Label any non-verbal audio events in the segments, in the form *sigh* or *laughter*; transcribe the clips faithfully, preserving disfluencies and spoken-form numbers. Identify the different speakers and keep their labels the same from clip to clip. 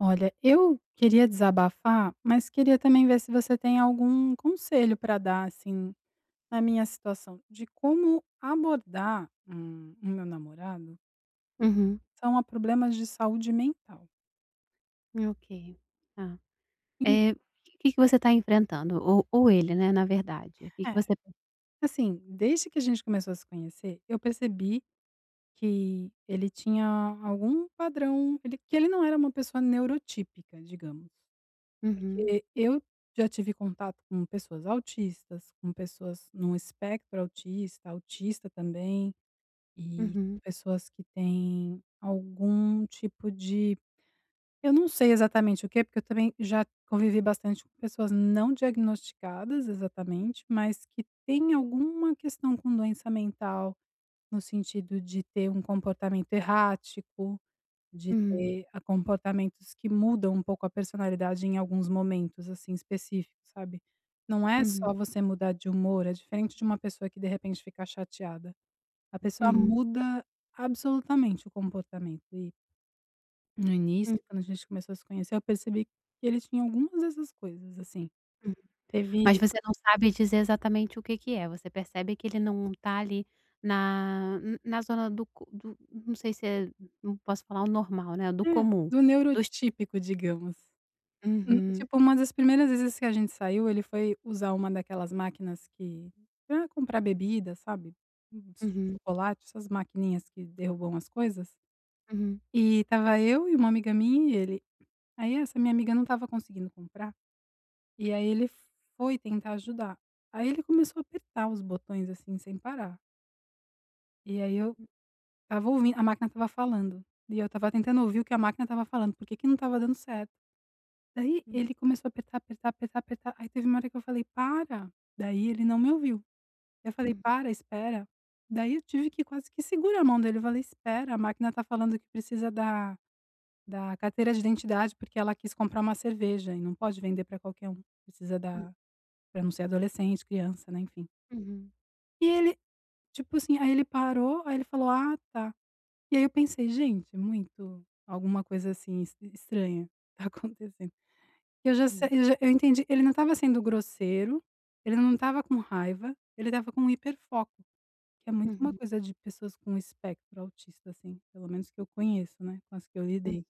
Speaker 1: Olha, eu queria desabafar, mas queria também ver se você tem algum conselho pra dar, assim, na minha situação, de como abordar, hum, o meu namorado
Speaker 2: Uhum.
Speaker 1: são a problemas de saúde mental.
Speaker 2: Hum, ok, tá.
Speaker 1: En
Speaker 2: Eh, que que você tá enfrentando? Ou ou ele, né, na verdade, que que
Speaker 1: É,
Speaker 2: você p
Speaker 1: assim, desde que a gente começou a se conhecer, eu percebi que ele tinha algum padrão, ele que ele não era uma pessoa neuro típica, digamos,
Speaker 2: Uhum.
Speaker 1: porque eu já tive contato com pessoas autistas, com pessoas num espectro autista, autista também e
Speaker 2: Uhum.
Speaker 1: pessoas que têm algum tipo de eu não sei exatamente o que, porque eu também já convivi bastante com pessoas não diagnosticadas, exatamente, mas que têm alguma questão com doença mental, no sentido de ter um comportamento errático, de
Speaker 2: Hum.
Speaker 1: ter a comportamentos que mudam um pouco a personalidade em alguns momentos, assim, específicos, sabe? Não é
Speaker 2: Uhum.
Speaker 1: só você mudar de humor, é diferente de uma pessoa que, de repente, fica chateada. A pessoa
Speaker 2: Uhum.
Speaker 1: muda absolutamente o comportamento. E No
Speaker 2: Hum.
Speaker 1: início, quando a gente começou a se conhecer, eu percebi que ele tinha algumas dessas coisas, assim. Teve
Speaker 2: Mas você não sabe dizer exatamente o que que é, você percebe que ele não tá ali na, n na zona do co do não sei se é não posso falar o normal, né. Do
Speaker 1: Hum,
Speaker 2: comum,
Speaker 1: do neuro
Speaker 2: dos
Speaker 1: típico, digamos. Hum
Speaker 2: Uhum.
Speaker 1: tipo uma das primeiras vezes que a gente saiu, ele foi usar uma daquelas máquinas que pra comprar bebida, sabe. Uns
Speaker 2: Uhum.
Speaker 1: chocolate, essas maquininhas que derrubam as coisas
Speaker 2: Uhum.
Speaker 1: e tava eu e uma amiga minha e ele. Aí essa minha amiga não tava conseguindo comprar. E aí ele foi tentar ajudar. Aí ele começou a apertar os botões, assim, sem parar. E aí eu
Speaker 2: Hum.
Speaker 1: estava ouvindo, a máquina estava falando, e eu estava tentando ouvir o que a máquina estava falando, por que que não estava dando certo. Daí
Speaker 2: Hum.
Speaker 1: ele começou a apertar, apertar, apertar, apertar. Aí teve uma hora que eu falei: "Para" Daí ele não me ouviu. Eu falei:
Speaker 2: Uhum.
Speaker 1: "Para, espera." Daí eu tive que quase que segurar a mão dele e falar: "Espera, a máquina tá falando que precisa da da carteira de identidade", porque ela quis comprar uma cerveja e não pode vender pra qualquer um. Precisa
Speaker 2: Uhum.
Speaker 1: da pra não ser adolescente, criança, né, enfim.
Speaker 2: Uhum.
Speaker 1: E ele, tipo assim, aí ele parou, aí ele falou: "Ah, tá." E aí eu pensei: "Gente, muito, alguma coisa, assim, es estranha tá acontecendo." E eu já sa
Speaker 2: Hum.
Speaker 1: eu já eu entendi, ele não tava sendo grosseiro, ele não tava com raiva, ele tava com um hiperfoco, que é muito uma
Speaker 2: Uhum.
Speaker 1: coisa de pessoas com espectro autista, assim, pelo menos que eu conheço, né, com as que eu
Speaker 2: Hum.
Speaker 1: lidei.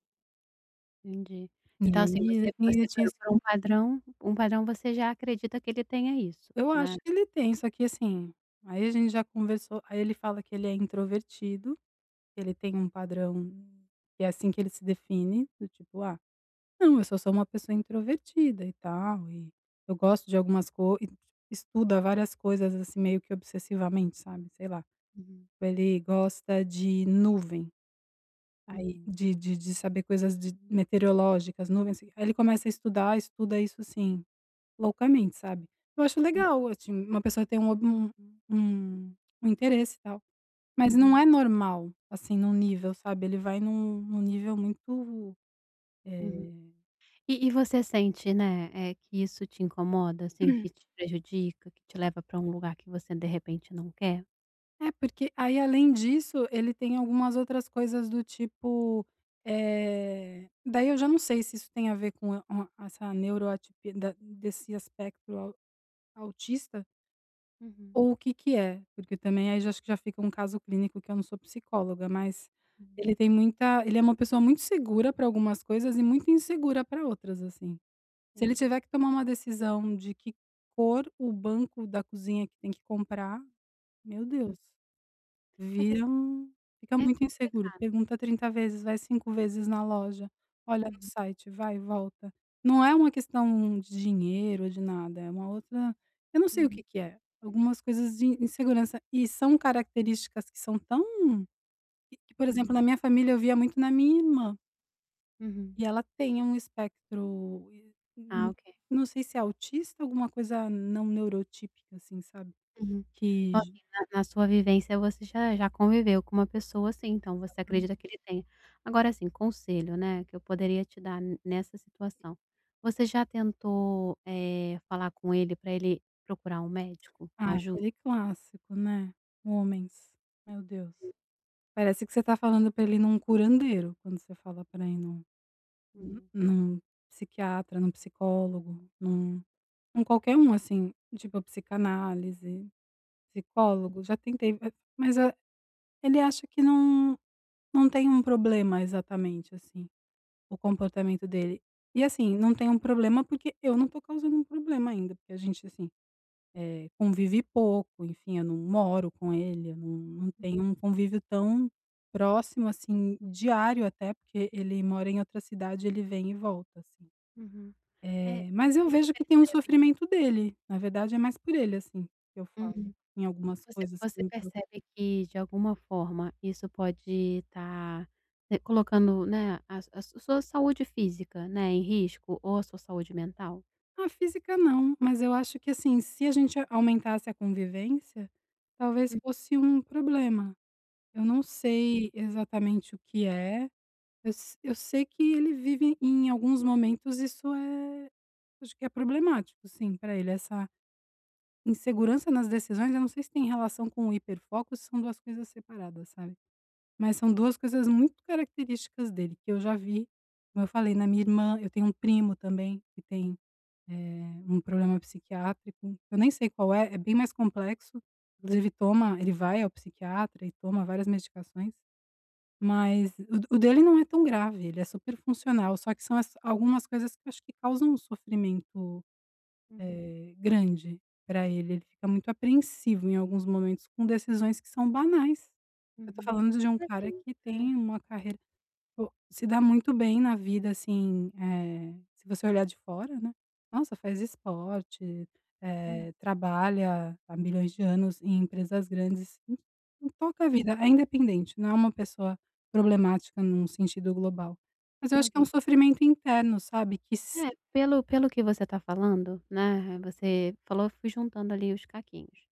Speaker 2: Entendi.
Speaker 1: E
Speaker 2: Então, assim,
Speaker 1: aí,
Speaker 2: você
Speaker 1: assim, ele
Speaker 2: você
Speaker 1: tinha
Speaker 2: por
Speaker 1: esse
Speaker 2: por
Speaker 1: com
Speaker 2: um padrão um padrão, você já acredita que ele tenha isso,
Speaker 1: Eu acho
Speaker 2: né?
Speaker 1: que ele tem, só que, assim, aí a gente já conversou, aí ele fala que ele é introvertido, ele tem um padrão, que é assim que ele se define, do tipo: "Ah, não, eu só sou uma pessoa introvertida e tal, e eu gosto de algumas co" Estuda várias coisas, assim, meio que obsessivamente, sabe. Sei lá.
Speaker 2: Uhum.
Speaker 1: Ele gosta de nuvem, aí
Speaker 2: Uhum.
Speaker 1: de de de saber coisas de meteorológicas, nuvens. Aí ele começa a estudar, estuda isso, assim, loucamente, sabe. Eu acho
Speaker 2: Hum.
Speaker 1: legal, assim, uma pessoa ter um o um um interesse tal, mas não
Speaker 2: Uhum.
Speaker 1: é normal, assim, num nível, sabe. Ele vai num num nível muito,
Speaker 2: Uhum,
Speaker 1: eh
Speaker 2: e e você sente, né, eh, que isso te incomoda, assim, que
Speaker 1: *clears throat*
Speaker 2: te prejudica, que te leva pra um lugar que você de repente não quer?
Speaker 1: É, porque aí, além disso, ele tem algumas outras coisas do tipo, eh, daí eu já não sei se isso tem a ver com a o a essa neuroatipi da desse aspecto au autista
Speaker 2: Uhum.
Speaker 1: ou o que que é. Porque também aí, já acho que já fica um caso clínico, que eu não sou psicóloga, mas
Speaker 2: Hum.
Speaker 1: ele tem muita ele é uma pessoa muito segura pra algumas coisas e muito insegura pra outras, assim. Se ele
Speaker 2: Entendi.
Speaker 1: tiver que tomar uma decisão de que cor o banco da cozinha que tem que comprar, meu
Speaker 2: Hum.
Speaker 1: Deus!
Speaker 2: É que ass
Speaker 1: Vira um fica
Speaker 2: é
Speaker 1: muito inseguro,
Speaker 2: complicado.
Speaker 1: pergunta trinta vezes, vai cinco vezes na loja, olha no
Speaker 2: Uhum.
Speaker 1: site, vai e volta, não é uma questão de dinheiro, de nada, é uma outra eu não sei o
Speaker 2: Uhum.
Speaker 1: que que é, algumas coisas de insegurança, e são características que são tão que que, por exemplo,
Speaker 2: Uhum.
Speaker 1: na minha família, eu via muito na minha irmã.
Speaker 2: Uhum.
Speaker 1: E ela tem um espectro, e eh,
Speaker 2: Ah,
Speaker 1: nã
Speaker 2: ok.
Speaker 1: não sei se é autista, alguma coisa não neurotípica, assim, sabe,
Speaker 2: Uhum,
Speaker 1: que
Speaker 2: então
Speaker 1: ge
Speaker 2: assim, na na sua vivência, você já já conviveu com uma pessoa assim, então você
Speaker 1: Exatamen
Speaker 2: acredita que ele tenha. Agora assim, conselho, né, que eu poderia te dar ne nessa situação, você já tentou, eh, falar com ele para ele procurar um
Speaker 1: *clicks tongue*
Speaker 2: médico,
Speaker 1: Ah,
Speaker 2: ajuda?
Speaker 1: aquele clássico, né, homens, meu Deus, parece que você tá falando para ele ir num curandeiro, quando você fala pra ele ir num hum,
Speaker 2: Hum.
Speaker 1: num, psiquiatra, num psicólogo, num em qualquer um assim, tipo psicanálise, psicólogo, já tentei, mas a ele acha que não não tem um problema exatamente assim, o comportamento dele, e assim, não tem um problema, porque eu não tô causando um problema ainda, porque a gente, assim, eh, convive pouco, enfim, eu não moro com ele, eu não não
Speaker 2: Hum.
Speaker 1: tenho um convívio tão próximo assim, diário, até porque ele mora em outra cidade, ele vem e volta, assim,
Speaker 2: Uhum, eh,
Speaker 1: eh, mas
Speaker 2: você
Speaker 1: eu
Speaker 2: você
Speaker 1: vejo que tem um
Speaker 2: percebe
Speaker 1: sofrimento dele, na verdade, é mais por ele, assim, que eu falo,
Speaker 2: Uhum.
Speaker 1: em algumas
Speaker 2: Você
Speaker 1: coisas que
Speaker 2: você
Speaker 1: me preocupam.
Speaker 2: percebe que de alguma forma isso pode estar, né, colocando, né, a a sua sua saúde física, né, em risco ou a sua saúde mental?
Speaker 1: Ah, física não, mas eu acho que, assim, se a gente a aumentasse a convivência, talvez
Speaker 2: Hum.
Speaker 1: fosse um problema. Eu não
Speaker 2: Hum.
Speaker 1: sei exatamente o que é, eu s eu sei que ele vive em alguns momentos, isso é acho que é problemático, sim, pra ele. Essa insegurança nas decisões, eu não sei se tem relação com o hiperfoco ou se são duas coisas separadas, sabe, mas são duas coisas muito características dele que eu já vi, como eu falei, na minha irmã, eu tenho um primo também que tem, eh, um problema psiquiátrico, eu nem sei qual é, é bem mais complexo, inclusive toma ele vai ao psiquiatra e toma várias medicações. Mas o d o dele não é tão grave, ele é super funcional, só que são as algumas coisas que acho que causam sofrimento,
Speaker 2: Uhum.
Speaker 1: eh, grande pra ele. Ele fica muito apreensivo em alguns momentos com decisões que são banais. Eu tô
Speaker 2: Uhum,
Speaker 1: falando de um
Speaker 2: mas
Speaker 1: cara
Speaker 2: assim,
Speaker 1: que tem
Speaker 2: eh
Speaker 1: uma carreira, pô se dá muito bem na vida, assim, eh, se você olhar de fora, né. Nossa, faz esporte,
Speaker 2: Hum.
Speaker 1: eh, trabalha há milhões de anos em empresas grandes, e e toca a
Speaker 2: Hum.
Speaker 1: vida, é independente, não é uma pessoa problemática num sentido global, mas eu acho que é um
Speaker 2: Ok.
Speaker 1: sofrimento interno, sabe? Que s
Speaker 2: É, pelo pelo que você tá falando, né, re você falou, eu fui juntando ali os caquinhos.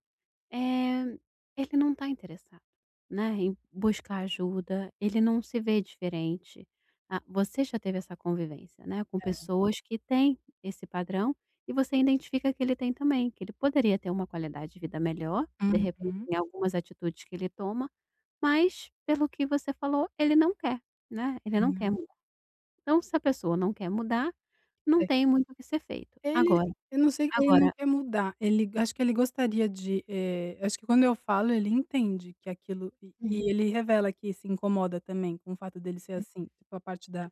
Speaker 2: Eh, ele não tá interessado, né, em buscar ajuda, ele não se vê diferente. Ah, você já teve essa convivência, né, com
Speaker 1: É.
Speaker 2: pessoas que têm esse padrão e você identifica que ele tem também, que ele poderia ter uma qualidade de vida melhor, de repente,
Speaker 1: Uhum!
Speaker 2: em algumas atitudes que ele toma. Mas pelo que você falou, ele não quer, né, ele não quer
Speaker 1: Não.
Speaker 2: mudar. Então, se a pessoa não quer mudar, não
Speaker 1: Sei.
Speaker 2: tem muito o que ser feito.
Speaker 1: Ele,
Speaker 2: Agora
Speaker 1: eu não sei, ele não
Speaker 2: agora
Speaker 1: quer mudar. Ele, acho que ele gostaria de, eh, acho que quando eu falo, ele entende que aquilo, e
Speaker 2: Uhum.
Speaker 1: e ele revela que se incomoda também com o fato dele ser
Speaker 2: Hum.
Speaker 1: assim, tipo a parte da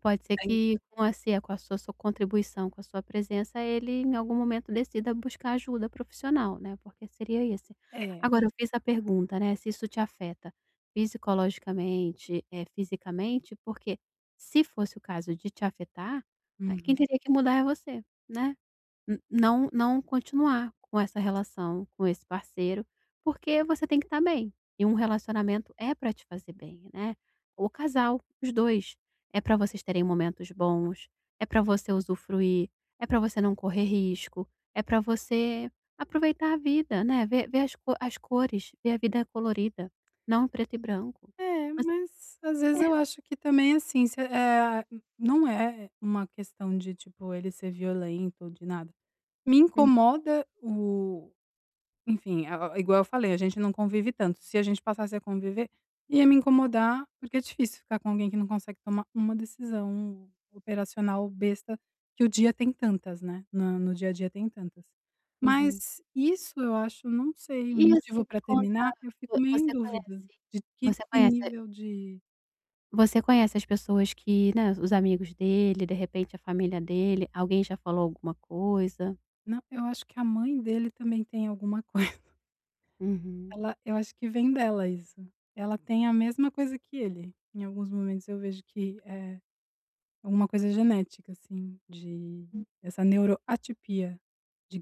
Speaker 2: Pode ser
Speaker 1: da in
Speaker 2: que com a si com a sua contribuição, com a sua presença, ele em algum momento decida buscar ajuda profissional, né, porque seria esse.
Speaker 1: É.
Speaker 2: Agora, eu fiz a pergunta, né, se isso te afeta psicologicamente, eh, fisicamente, porque se fosse o caso de te afetar, né, quem
Speaker 1: Uhum.
Speaker 2: teria que mudar é você, né. N não não continuar com essa relação, com esse parceiro, porque você tem que estar bem, e um relacionamento é pra te fazer bem, né. O casal, os dois, é pra vocês terem momentos bons, é pra você usufruir, é pra você não correr risco, é pra você aproveitar a vida, né. Ver ver as co as cores, ver a vida colorida, não preto e branco.
Speaker 1: É,
Speaker 2: Mas,
Speaker 1: mas às vezes
Speaker 2: eh
Speaker 1: eu acho que também assim, se, eh Não é uma questão de, tipo, ele ser violento, de nada. Me
Speaker 2: Hum.
Speaker 1: incomoda o enfim, a a a, igual eu falei, a gente não convive tanto. Se a gente passasse a conviver, ia me incomodar, porque é difícil ficar com alguém que não consegue tomar uma decisão operacional besta, que o dia tem tantas, né, na no dia a dia tem tantas.
Speaker 2: Uhum.
Speaker 1: Mas isso eu acho, não sei, um
Speaker 2: E, assim,
Speaker 1: motivo
Speaker 2: me
Speaker 1: pra
Speaker 2: conta,
Speaker 1: terminar, eu
Speaker 2: vo
Speaker 1: fico meio em
Speaker 2: você
Speaker 1: dúvida
Speaker 2: conhece
Speaker 1: de que
Speaker 2: você
Speaker 1: que
Speaker 2: conhece
Speaker 1: nível de
Speaker 2: Você conhece as pessoas que, né, os amigos dele, de repente, a família dele, alguém já falou alguma coisa?
Speaker 1: Não, eu acho que a mãe dele também tem alguma coisa.
Speaker 2: Uhum.
Speaker 1: Ela eu acho que vem dela isso. Ela tem a mesma coisa que ele. Em alguns momentos eu vejo que é alguma coisa genética, assim, de
Speaker 2: Hum.
Speaker 1: essa neuroatipia,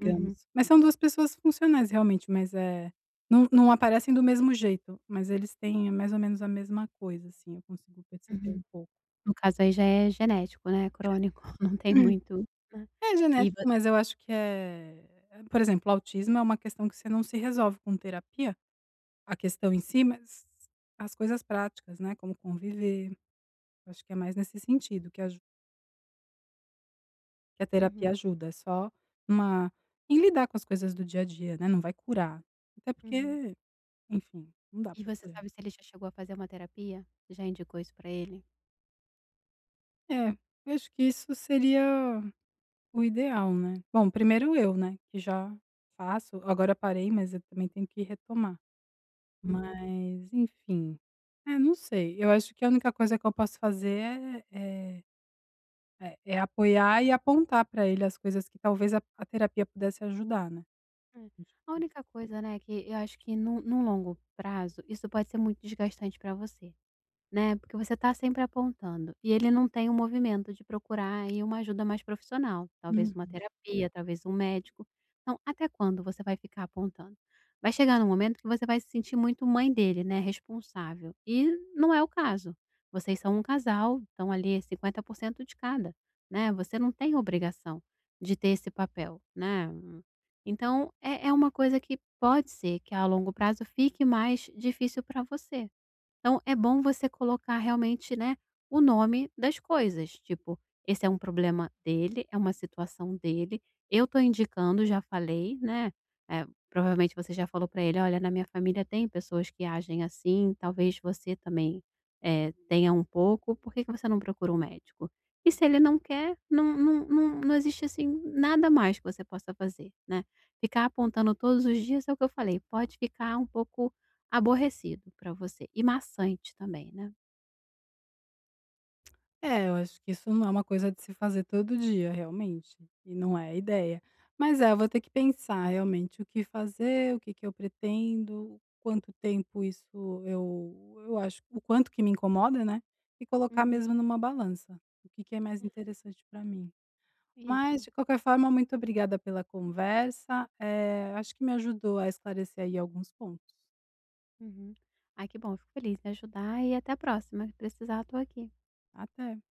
Speaker 2: Uhum.
Speaker 1: Mas são duas pessoas funcionais, realmente, mas, é, não não aparecem do mesmo jeito, mas eles têm, mais ou menos, a mesma coisa, assim, eu consigo perceber
Speaker 2: Uhum.
Speaker 1: um pouco.
Speaker 2: No caso aí já é genético, né,
Speaker 1: *clears throat*
Speaker 2: crônico, *chuckles* não tem muito, né.
Speaker 1: É
Speaker 2: E
Speaker 1: genético,
Speaker 2: voc
Speaker 1: mas eu acho que é por exemplo, autismo é uma questão que você não se resolve com terapia, a questão em si, mas as coisas práticas, né, como conviver. Acho que é mais nesse sentido que aju que a
Speaker 2: Uhum.
Speaker 1: terapia ajuda, é só em uma em lidar com as coisas do dia a dia, né. Não vai curar. Até
Speaker 2: Uhum.
Speaker 1: porque, enfim, não dá
Speaker 2: E
Speaker 1: pra
Speaker 2: você
Speaker 1: curar.
Speaker 2: sabe se ele já chegou a fazer uma terapia? Já indicou isso pra ele?
Speaker 1: É, acho que isso seria o ideal, né. Bom, primeiro, eu, né, que já faço. Agora parei, mas eu também tenho que retomar.
Speaker 2: Uhum.
Speaker 1: Mas, enfim, é, não sei. Eu acho que a única coisa que eu posso fazer é é é é apoiar e apontar pra ele as coisas que talvez a a terapia pudesse ajudar, né.
Speaker 2: É. A única coisa, né, que eu acho que, no no longo prazo, isso pode ser muito desgastante pra você, né. Porque você tá sempre apontando e ele não tem o movimento de procurar aí, uma ajuda mais profissional, talvez uma
Speaker 1: Uhum.
Speaker 2: terapia, talvez um médico. Então, até quando você vai ficar apontando? Vai chegar num momento que você vai se sentir muito mãe dele, né, responsável. E não é o caso. Vocês são um casal. Então, ali, é cinquenta por cento, de cada, né. Você não tem obrigação de ter esse papel, né. Então, é é uma coisa que pode ser que, a longo prazo, fique mais difícil pra você. Então, é bom você colocar, realmente, né, o nome das coisas, tipo: "Esse é um problema dele, é uma situação dele. Eu tô indicando, já falei", né. É, provavelmente, você já falou pra ele: "Olha, na minha família tem pessoas que agem assim, talvez você também, eh, tenha um pouco. Por que que você não procura um médico?". E, se ele não quer, não não não não existe, assim, nada mais que você possa fazer, né. Ficar apontando todos os dias, é o que eu falei, pode ficar um pouco aborrecido pra você e maçante também, né.
Speaker 1: É. Eu acho que isso não é uma coisa de se fazer todo dia, realmente. E não é a ideia. Mas, é, vou ter que pensar, realmente, o que fazer, o que que eu pretendo, quanto tempo isso eu eu acho o quanto que me incomoda, né. E colocar,
Speaker 2: Uhum.
Speaker 1: mesmo, numa balança, o que que é mais
Speaker 2: É.
Speaker 1: interessante pra mim. Mas,
Speaker 2: Isso.
Speaker 1: de qualquer forma, muito obrigada pela conversa. Eh, acho que me ajudou a esclarecer aí alguns pontos.
Speaker 2: Uhum. Ai, que bom. Eu fico feliz em ajudar e até a próxima. O que precisar, eu tô aqui.
Speaker 1: Até.